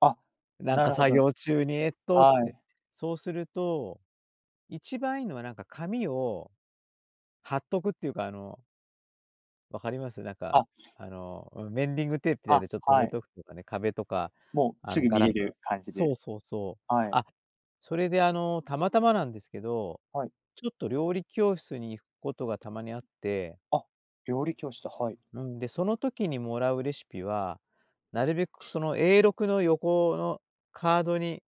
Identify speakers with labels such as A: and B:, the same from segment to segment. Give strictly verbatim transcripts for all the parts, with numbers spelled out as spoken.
A: あ、
B: なん
A: な
B: か
A: るほ
B: 作
A: ど。
B: 業中に「えっと」っ
A: は
B: て。
A: い。
B: そうすると一番いいのは、なんか、紙を貼っとくっていうか、あの分かります？なんか、
A: あ。
B: あの、うん、メンディングテープで、
A: あ、
B: で、ちょっと止
A: は
B: め
A: い。
B: とくとかね、壁とか、
A: もう、
B: あ
A: す
B: の、
A: ぐ
B: ガ
A: 見
B: ラ
A: れ
B: ス
A: る感じ
B: そ
A: で。
B: うそうそう。
A: はい。
B: あ、それで、あの、たまたまなんですけど、
A: はい。
B: ちょっと料理教室に行くことがたまにあって
A: あ、料理教室、はい。
B: うん、で、その時にもらうレシピは、なるべく、その、えーろくの横のカードに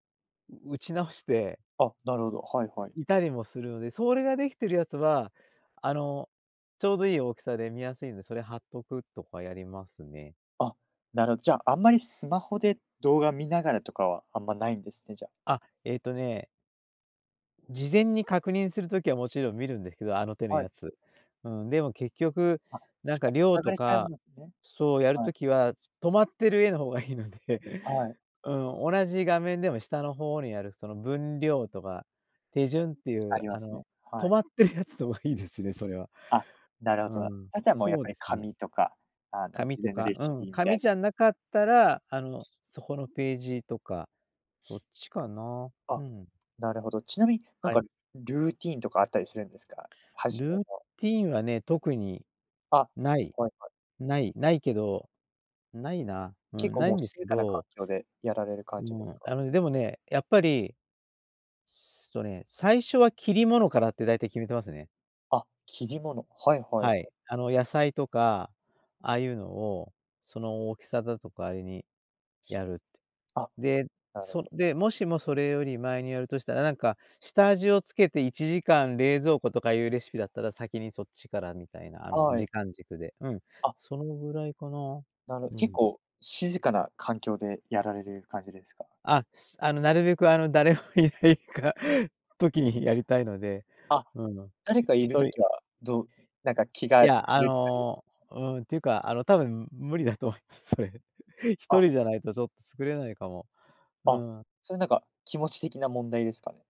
B: う打ち直して
A: あ、なるほど、はいはい。
B: いたりもするので、それが出来てるやつは、あの、ちょうどいい大きさで見やすいんで、それ貼っとくとかやりますね。
A: あ、なるじゃ、あんまりスマホで動画見ながらとかは、あんま無いんですね、じゃ。
B: あ、ええとね事前に確認するときはもちろん見るんですけど、あの手の
A: はい。
B: やつ。うん、でも結局、
A: あ、
B: なんか、量
A: さぐ
B: と
A: れちゃうん
B: か
A: ですね。
B: そう、やる
A: はい。
B: ときは、つ止まってる絵の方がいいので
A: はい。
B: うん、同じ画面でも下の方にある、その分量とか、手順ってい
A: あ
B: う、
A: りま
B: あ
A: す
B: の、
A: ね、
B: 止
A: はい。
B: まってるやつのがいいですね、それは。
A: あ、なるほ
B: う
A: どな。
B: ん、
A: あとはもうやっ
B: そう
A: ぱり
B: ですね。
A: 紙とか、あの、
B: 紙
A: 事
B: と
A: 前の
B: か、
A: レ
B: う
A: シ
B: ん、
A: ピみた
B: 紙
A: い
B: じゃなかったら、あの、そこのページとか、そっちか な。
A: あ、
B: ふん。
A: なるほど。ちなみに、なん
B: はい。
A: か、ルーティンとかあったりするんですか？初め
B: ルー
A: の。
B: ティンはね、特に、
A: あ、
B: 無い。
A: はいはい。
B: 無い無いけど、無いな。う
A: 結
B: ん、
A: 構
B: 無い
A: もう
B: んです
A: 静
B: け
A: かな環
B: ど
A: 境でやられる
B: あ
A: 感じです
B: の
A: か？
B: あの、でもね、やっぱり、すとね、最初は切り物からって大体決めてますね。
A: あ、切り物。はいはいは
B: はい。
A: い。
B: 野菜とか、ああいうのを、その大きさだとかあれにやるって。
A: あ、
B: で、
A: なるほ
B: そ
A: ど。
B: で、もしもそれより前にやるとしたら、なんか、下味をつけていちじかん冷蔵庫とかいうレシピだったら先にそっちからみたいな、あの、
A: はい。
B: 時間軸で、うん。
A: あ。
B: そのぐらいかな。
A: なる
B: う
A: 結
B: ん。
A: 構静かな環境でやられる感じですか？
B: あ、すあの、なるべく、あの、誰も居ないか時にやりたいので、
A: あ、
B: うん、
A: 誰か
B: ひ
A: 居
B: ひ
A: る
B: とり。
A: 時は、どうなんか、気
B: い
A: が散
B: や、あ
A: るって感じです？
B: の、うんっていうか、あの、多分無理だと思います、それ。ひと
A: あ。
B: りじゃないとちょっと作れないかも。う
A: あ、
B: ん。
A: それなんか、気持ち的な問題ですかね？